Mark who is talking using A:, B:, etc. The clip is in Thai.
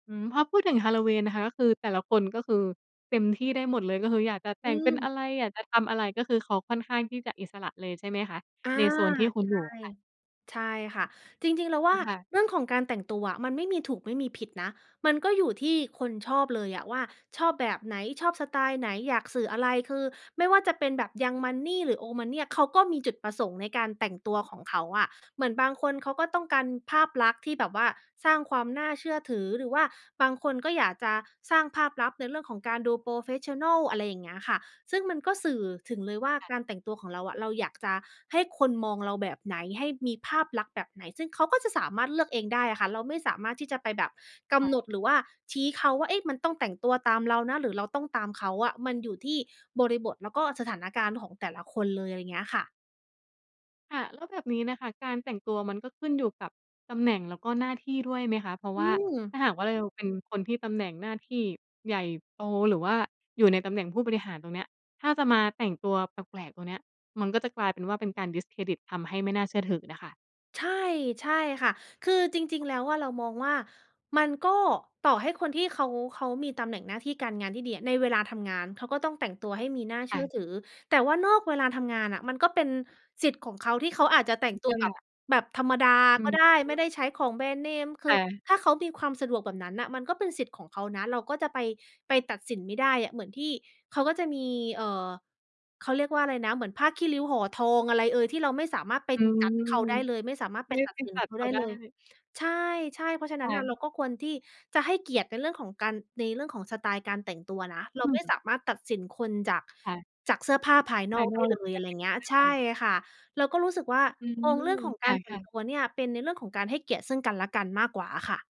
A: อืม พอพูดถึงฮาลโลวีนนะคะ คือแต่ละคนก็คือเต็มที่ได้หมดเลย ก็คืออยากจะแต
B: อ
A: ่
B: ื
A: งเป็น
B: ม
A: อะไร อยากจะทำอะไร ก็คือเขาค่อนข้างที่จะอิสระเลยใช่ไหมคะ
B: อา
A: ในโซนที่คุณ
B: ใช
A: อยู
B: ่
A: ่ค่ะ?
B: ใช่ค่ะ จริง ๆ เราว่า
A: ค่ะ
B: เรื่องของการแต่งตัวอะมันไม่มีถูกไม่มีผิดนะ มันก็อยู่ที่คนชอบเลยอะว่าชอบแบบไหน ชอบสไตล์ไหน อยากสื่ออะไร คือไม่ว่าจะเป็นแบบ young money หรือ old money อะ เขาก็มีจุดประสงค์ในการแต่งตัวของเขาอะ เหมือนบางคนเขาก็ต้องการภาพลักษณ์ที่แบบว่าสร้างความน่าเชื่อถือ หรือว่าบางคนก็อยากจะสร้างภาพลักษณ์ในเรื่องของการดู โพรเฟสชันนัล อะไรอย่างเงี้ยค่ะ ซึ่งมันก็สื่อถึงเลยว่า
A: ค่ะ
B: การแต่งตัวของเราอะ เราอยากจะให้คนมองเราแบบไหน ให้มีภาพลักษณ์แบบไหน ซึ่งเขาก็จะสามารถเลือกเองได้อะค่ะ เราไม่สามารถที่จะไปแบบก
A: ค่
B: ำ
A: ะ
B: หนด หรือว่าชี้เขาว่า เอ๊ะ มันต้องแต่งตัวตามเรานะ หรือเราต้องตามเขาอะ มันอยู่ที่บริบท แล้วก็สถานการณ์ของแต่ละคนเลย อะไรเงี้ยค่ะ
A: ค่ะ แล้วแบบนี้น่ะค่ะ การแต่งตัวมันก็ขึ้นอยู่กับตำแหน่ง แล้วก็ หน้าที่ด้วยไหมคะ? เพราะ
B: อ
A: ว
B: ื
A: ่าถ
B: ม
A: ้าหากว่าเราเป็นคนที่ตำแหน่งหน้าที่ใหญ่โต หรือว่าอยู่ในตำแหน่งผู้บริหารตรงเนี้ย ถ้าจะมาแต่งตัวแปลก ๆ ตรงเนี้ย มันก็จะกลายเป็นว่า เป็นการ discredit ทำให้ไม่น่าเชื่อถือน่ะค่ะ
B: ใช่ ใช่ค่ะ คือจริง ๆ แล้วอะเรามองว่า มันก็ ต่อให้คนที่เขา เขามีตำแหน่งหน้าที่การงานที่ดีอะ ในเวลาทำงานเขาก็ต้องแต่งตัวให้มีน่าเช
A: ค
B: ื
A: ่
B: ่อ
A: ะ
B: ถือ แต่ว่านอกเวลาทำงานน่ะ มันก็เป็นสิทธิ์ของเขาที่เขาอาจจะแต่
A: อ
B: ง
A: ิ
B: ตั
A: ส
B: วแบบ
A: ระ
B: แบบธรรมดา
A: อื
B: ก็
A: ม
B: ได้ ไม่ได้ใช้ของแบรนด์เนม ค
A: ค
B: ือ
A: ่ะ
B: ถ้าเขามีความสะดวกแบบนั้นน่ะ มันก็เป็นสิทธิ์ของเขานะ เราก็จะไป ไปตัดสินไม่ได้อะ เหมือนที่ เขาก็จะมี เอ่อ เขาเรียกว่าอะไรนะ เหมือนผ้าขี้ริ้วห่อทองอะไรเอย ที่เราไม่สามารถไป
A: อืม
B: judge เขาได้เลย ไม่สามารถไ
A: ไ
B: ป
A: ม่
B: ตั
A: ไ
B: ด
A: ป
B: สิ
A: ต
B: น
A: ั
B: เ
A: ด
B: ขา
A: เข
B: ได
A: า
B: ้
A: ได
B: เลย
A: ้
B: ใช่ ๆ เพราะฉะ
A: ค
B: นั้น
A: ่
B: น่ะ เ
A: ะ
B: ราก็ควรที่จะให้เกียรติในเรื่องของการ ในเรื่องของสไตล์การแต่งตัวนะ
A: อ
B: เรา
A: ื
B: ไม่
A: ม
B: สามารถตัดสินคนจาก
A: ค่ะ
B: จากเสื้อผ้าภาย
A: ภ
B: น
A: า
B: อ
A: ย
B: ก
A: น
B: ได
A: อ
B: ้
A: กเร
B: เล
A: าก็
B: ย
A: ต
B: อ
A: ั
B: ะ
A: ด
B: ไร
A: สิน
B: เงี
A: ไม
B: ้
A: ่
B: ย ใ
A: ไ
B: ช
A: ด
B: ่
A: ้
B: ค่ะ เราก็รู้สึกว่า
A: อื
B: มอ
A: ม
B: งเรื่องของ
A: ค
B: การแต่
A: ่
B: ง
A: ะ
B: ต
A: ๆ
B: ัวเนี่ย เป็นในเรื่องของการให้เกียรติซึ่งกันและกันมากกว่าอะค่ะ